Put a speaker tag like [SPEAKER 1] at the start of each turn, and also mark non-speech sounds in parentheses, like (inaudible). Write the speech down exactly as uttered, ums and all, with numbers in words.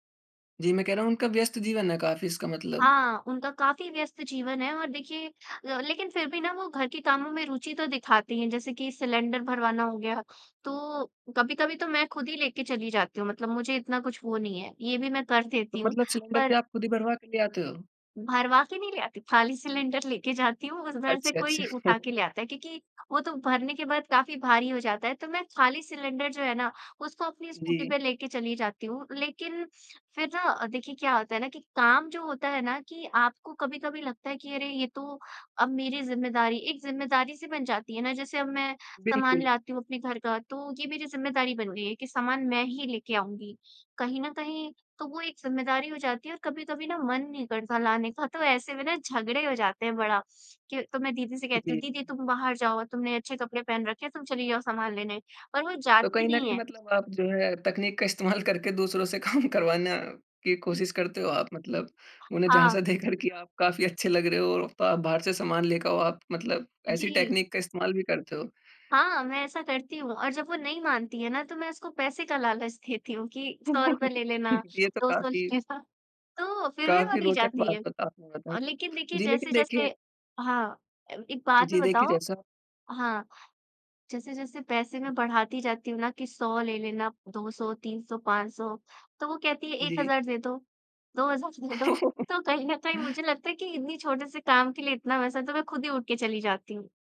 [SPEAKER 1] जी, मैं कह रहा हूँ उनका व्यस्त जीवन है काफ़ी इसका मतलब।
[SPEAKER 2] हाँ, उनका काफ़ी व्यस्त जीवन है, और देखिए अ, लेकिन फिर भी ना वो घर के कामों में रूचि तो दिखाती हैं, जैसे कि सिलेंडर भरवाना हो गया। तो कभी-कभी तो मैं खुद ही लेके चली जाती हूँ मतलब मुझे इतना कुछ वो नहीं है। ये भी मैं कर देती
[SPEAKER 1] तो
[SPEAKER 2] हूँ,
[SPEAKER 1] मतलब सिलेंडर भी
[SPEAKER 2] पर
[SPEAKER 1] आप खुद ही भरवा के ले आते हो?
[SPEAKER 2] भरवा के नहीं ले आती, खाली सिलेंडर लेके जाती हूँ उधर से
[SPEAKER 1] अच्छा, अच्छा।
[SPEAKER 2] कोई उठा के
[SPEAKER 1] (chuckles)
[SPEAKER 2] ले आता है, क्योंकि वो तो भरने के बाद काफ़ी भारी हो जाता है। तो मैं खाली सिलेंडर जो है ना, उसको अपनी स्कूटी
[SPEAKER 1] जी।
[SPEAKER 2] पे लेके चली जाती हूँ। लेकिन फिर ना अ, देखिए क्या होता है ना कि काम जो होता है ना कि आपको कभी-कभी लगता है कि अरे ये तो अब मेरी ज़िम्मेदारी एक ज़िम्मेदारी-सी बन जाती है ना। जैसे अब मैं सामान
[SPEAKER 1] बिल्कुल।
[SPEAKER 2] लाती हूँ अपने घर का, तो ये मेरी ज़िम्मेदारी बन गई है, कि सामान मैं ही लेके आऊँगी। कहीं न कहीं तो वो एक ज़िम्मेदारी हो जाती है और कभी-कभी ना मन नहीं करता लाने का तो ऐसे में ना झगड़े हो जाते हैं बड़ा, के तो मैं दीदी से
[SPEAKER 1] जी।
[SPEAKER 2] कहती हूँ, "दीदी तुम बाहर जाओ तुमने अच्छे कपड़े पहन रखे, तुम चली जाओ सामान लेने" और वो
[SPEAKER 1] तो
[SPEAKER 2] जाती
[SPEAKER 1] कहीं न
[SPEAKER 2] नहीं
[SPEAKER 1] कहीं
[SPEAKER 2] है।
[SPEAKER 1] मतलब आप जो है तकनीक का इस्तेमाल करके दूसरों से काम करवाना की कोशिश करते हो आप मतलब? उन्हें झाँसा
[SPEAKER 2] हाँ।
[SPEAKER 1] देकर की आप काफ़ी अच्छे लग रहे हो। तो आप बाहर से सामान लेके आओ आप मतलब ऐसी
[SPEAKER 2] जी।
[SPEAKER 1] टेक्निक का इस्तेमाल भी करते हो?
[SPEAKER 2] हाँ, मैं ऐसा करती हूँ और जब वो नहीं मानती हैं ना तो मैं उसको पैसे का लालच देती हूँ कि सौ रूपए
[SPEAKER 1] (chuckles)
[SPEAKER 2] ले लेना,
[SPEAKER 1] ये तो
[SPEAKER 2] दो सौ ले
[SPEAKER 1] काफ़ी
[SPEAKER 2] लेना तो, फिर भी वो
[SPEAKER 1] काफ़ी
[SPEAKER 2] नहीं
[SPEAKER 1] रोचक
[SPEAKER 2] जाती
[SPEAKER 1] बात
[SPEAKER 2] है।
[SPEAKER 1] बता आपने बताई।
[SPEAKER 2] लेकिन देखिए
[SPEAKER 1] जी, लेकिन
[SPEAKER 2] जैसे-जैसे
[SPEAKER 1] देखिए
[SPEAKER 2] हाँ, ए एक बात में
[SPEAKER 1] जी देखिए,
[SPEAKER 2] बताओ
[SPEAKER 1] जैसा
[SPEAKER 2] हाँ, जैसे-जैसे पैसे में बढाती जाती हूँ ना कि सौ ले लेना, दो सौ तीन सौ पाँच सौ तो वो कहती है एक
[SPEAKER 1] जी।
[SPEAKER 2] हज़ार दे दो, दो हज़ार दे दो। तो कहीं न कहीं
[SPEAKER 1] (chuckles)
[SPEAKER 2] मुझे लगता है कि इतनी छोटे से काम के लिए इतना पैसा, तो मैं खुद ही उठ के चली जाती हूँ।